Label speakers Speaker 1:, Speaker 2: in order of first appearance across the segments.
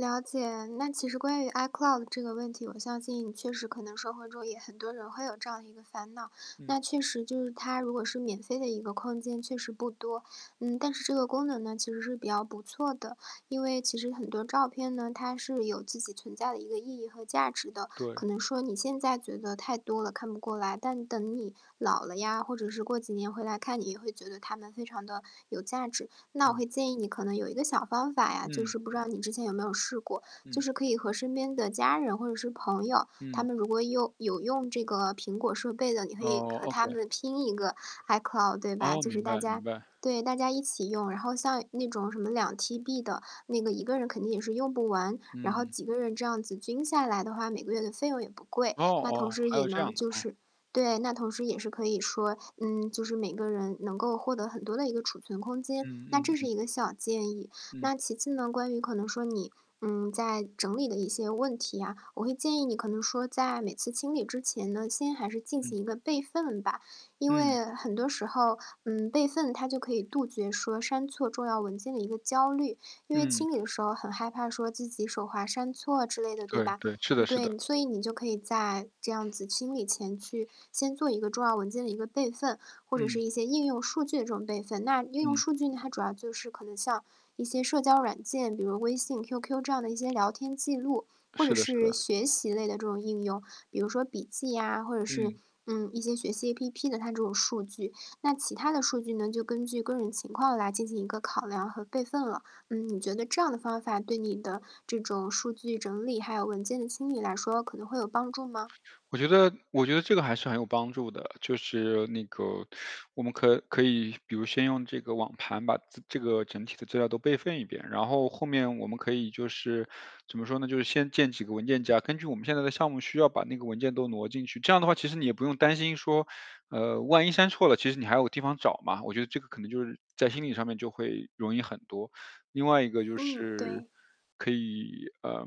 Speaker 1: 了解，那其实关于 iCloud 的这个问题，我相信确实可能社会中也很多人会有这样的一个烦恼。
Speaker 2: 嗯。
Speaker 1: 那确实就是它如果是免费的一个空间确实不多。嗯，但是这个功能呢，其实是比较不错的。因为其实很多照片呢，它是有自己存在的一个意义和价值的，
Speaker 2: 对。
Speaker 1: 可能说你现在觉得太多了，看不过来，但等你老了呀，或者是过几年回来看，你也会觉得它们非常地有价值。那我
Speaker 2: 嗯。
Speaker 1: 会建议你可能有一个小方法呀，就
Speaker 2: 嗯。
Speaker 1: 是不知道你之前有没有试过。就
Speaker 2: 嗯。
Speaker 1: 是可以和身边的家人或者是朋友，他
Speaker 2: 嗯。
Speaker 1: 们如果用有用这个苹果设备的，你可以
Speaker 2: 哦
Speaker 1: 和
Speaker 2: ，OK。
Speaker 1: 他们拼一个 iCloud 对吧？
Speaker 2: 哦，
Speaker 1: 就是
Speaker 2: 明
Speaker 1: 大
Speaker 2: 白明
Speaker 1: 家
Speaker 2: 白。
Speaker 1: 对，大家一起用。然后像那种什么2 TB 的，那个一个人肯定也是用不完，然后
Speaker 2: 嗯。
Speaker 1: 几个人这样子均下来的话，每个月的费用也不贵。
Speaker 2: 哦
Speaker 1: 那同
Speaker 2: 哦，
Speaker 1: 时
Speaker 2: 还
Speaker 1: 也
Speaker 2: 有这
Speaker 1: 能
Speaker 2: 样的，
Speaker 1: 就
Speaker 2: 哦。
Speaker 1: 是对，那同时也是可以说，嗯，就是每个人能够获得很多的一个储存空间，
Speaker 2: 嗯
Speaker 1: 那
Speaker 2: 嗯
Speaker 1: 这是
Speaker 2: 嗯。
Speaker 1: 一个小建议。
Speaker 2: 嗯。
Speaker 1: 那其次呢，关于可能说你，嗯，在整理的一些问题啊，我会建议你可能说在每次清理之前呢，先还是进
Speaker 2: 嗯。
Speaker 1: 行一个备份吧。因
Speaker 2: 嗯。
Speaker 1: 为很多时候，嗯，备份它就可以杜绝说删错重要文件的一个焦虑。因为
Speaker 2: 嗯。
Speaker 1: 清理的时候很害怕说自己手滑删错之类的，对
Speaker 2: 对
Speaker 1: 吧？
Speaker 2: 对，是
Speaker 1: 嗯，
Speaker 2: 的是的。
Speaker 1: 对，所以你就可以在这样子清理前去先做一个重要文件的一个备份，或者是
Speaker 2: 嗯。
Speaker 1: 一些应用数据的这种备份。那应用
Speaker 2: 嗯。
Speaker 1: 数据呢，它主要就是可能像一些社交软件，比如微信、QQ 这样的一些聊天记录，或者
Speaker 2: 是的是
Speaker 1: 是
Speaker 2: 的。
Speaker 1: 学习类的这种应用，比如说笔记呀，或者是，
Speaker 2: 嗯。
Speaker 1: 嗯，一些学习 APP 的它这种数据。那其他的数据呢，就根据个人情况来进行一个考量和备份了。嗯，你觉得这样的方法对你的这种数据整理，还有文件的清理来说，可能会有帮助吗？
Speaker 2: 我觉得我觉得这个还是很有帮助的。就是那个，我们可可以比如先用这个网盘把自这个整体的资料都备份一遍，然后后面我们可以就是，怎么说呢，就是先建几个文件夹，根据我们现在的项目需要把那个文件都挪进去，这样的话其实你也不用担心说，嗯，万一删错了其实你还有个地方找嘛，我觉得这个可能就是在心理上面就会容易很多。另外一个就
Speaker 1: 嗯，
Speaker 2: 是，
Speaker 1: 对。
Speaker 2: 可以呃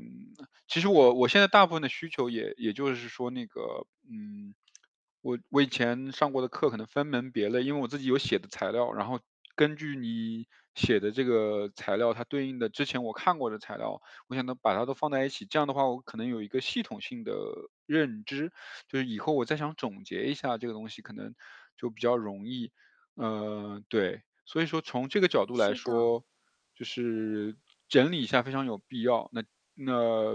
Speaker 2: 其实我我现在大部分的需求也也就是说那个，嗯，我我以前上过的课可能分门别类因为我自己有写的材料，然后根据你写的这个材料，它对应的之前我看过的材料，我想都把它都放在一起，这样的话我可能有一个系统性的认知。就是以后我再想总结一下这个东西可能就比较容易。嗯，对。所以说从这个角度来
Speaker 1: 是的。
Speaker 2: 说，就是整理一下非常有必要。那那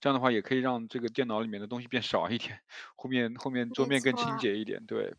Speaker 2: 这样的话也可以让这个电脑里面的东西变少一点，后面后面桌
Speaker 1: 没
Speaker 2: 面更
Speaker 1: 错
Speaker 2: 清
Speaker 1: 啊。
Speaker 2: 洁一点，对。